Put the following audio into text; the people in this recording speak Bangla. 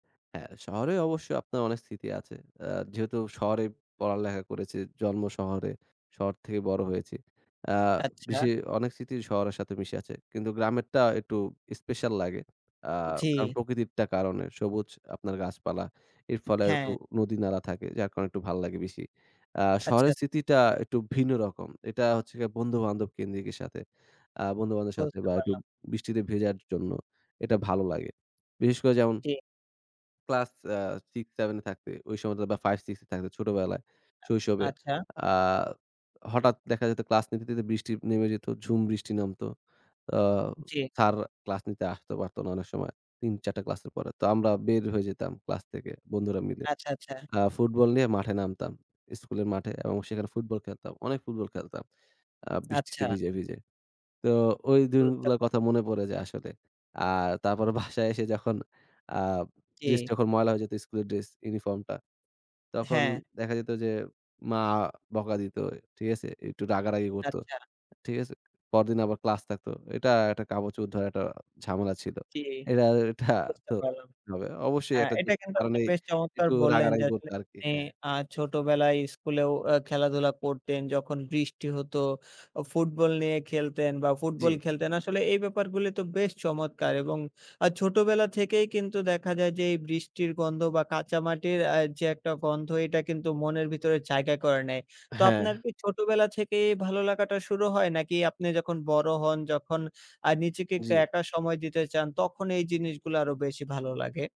হ্যাঁ, শহরে অবশ্যই আপনার অনেক স্মৃতি আছে। আ যেহেতু শহরেই পড়ালেখা করেছি, জন্ম শহরে, শহর থেকে বড় হয়েছি। আ আচ্ছা। বেশি অনেক স্মৃতি শহরের সাথে মিশে আছে। কিন্তু গ্রামেরটা একটু স্পেশাল লাগে। আ কারণ জি। প্রকৃতিরটা কারণে সবুজ আপনার গাছপালা এর ফলে আর একটু হ্যাঁ। নদী-নালা থাকে যার কারণ একটু ভাল লাগে বেশি। আ আচ্ছা, শহরের আচছ স্মৃতিটা একটু ভিন্ন রকম, এটা হচ্ছে গিয়া বন্ধু-বান্ধব কেন্দ্রিকের সাথে আ বন্ধু-বান্ধবের সাথে বুঝতে বা একটু পারলাম। বৃষ্টিতে ভেজার জন্য এটা ভালো লাগে। বিশেষ করে যেমন জি। ক্লাস আ 6-7 এ থাকতে ওই সময়টা বা 5-6 এ থাকতে ছোটবেলায়, শৈশবে আচ্ছা। আ হঠাৎ দেখা যেত ক্লাস নিতে, নিতে বৃষ্টি নেমে যেত, ঝুম বৃষ্টি নামত। আ জি। স্যার ক্লাস নিতে আসত পারত না অনেক সময় ৩-৪ টা ক্লাসের পরে, তো আমরা বের হয়ে যেতাম ক্লাস থেকে বন্ধুরা মিলে। আচ্ছা, আচ্ছা। আ ফুটবল নিয়ে মাঠে নামতাম স্কুলের মাঠে এবং সেখানে ফুটবল খেলতাম, অনেক ফুটবল খেলতাম আ বৃষ্টিতে আচ্ছা। ভিজে, ভিজে। তো ওই বুঝতে দিনগুলোর পারলাম। কথা মনে পড়ে যে আসলে। আর তারপর বাসায় এসে যখন আ ড্রেস জি। যখন ময়লা হয়ে যেত স্কুলের ড্রেস ইউনিফর্মটা তখন হ্যাঁ। দেখা যেত যে মা বকা দিত ঠিক আছে? একটু রাগারাগি করতো আচ্ছা। ঠিক আছে? পরদিন আবার ক্লাস থাকতো এটা একটা কাপড়-চোপড় ধোয়া একটা ঝামেলা ছিল। জি, এটা, এটা বুঝতে তো পারলাম। ভাবে অবশ্যই হ্যাঁ, একটা এটা যুক্তির কিন্তু আপনি কারণেই বেশ চমৎকার একটু বললেন যে রাগারাগি করতো আসলে আরকি, আপনি হ্যাঁ। আ ছোটবেলায় স্কুলেও আ খেলাধুলা করতেন যখন বৃষ্টি হতো, আ ফুটবল নিয়ে খেলতেন বা ফুটবল জি। খেলতেন। আসলে এই ব্যাপারগুলি তো বেশ চমৎকার! এবং আ ছোটবেলা থেকেই কিন্তু দেখা যায় যে এই বৃষ্টির গন্ধ বা কাঁচা মাটির আ যে একটা গন্ধ এটা কিন্তু মনের ভিতরে জায়গা করে নেয়। তো হ্যাঁ। আপনার কি ছোটবেলা থেকেই ভালো লাগাটা শুরু হয়? নাকি আপনি যখন বড় হন যখন আ নিজেকে একটু জি। একা সময় দিতে চান তখন এই জিনিসগুলা আরো বেশি ভালো লাগে?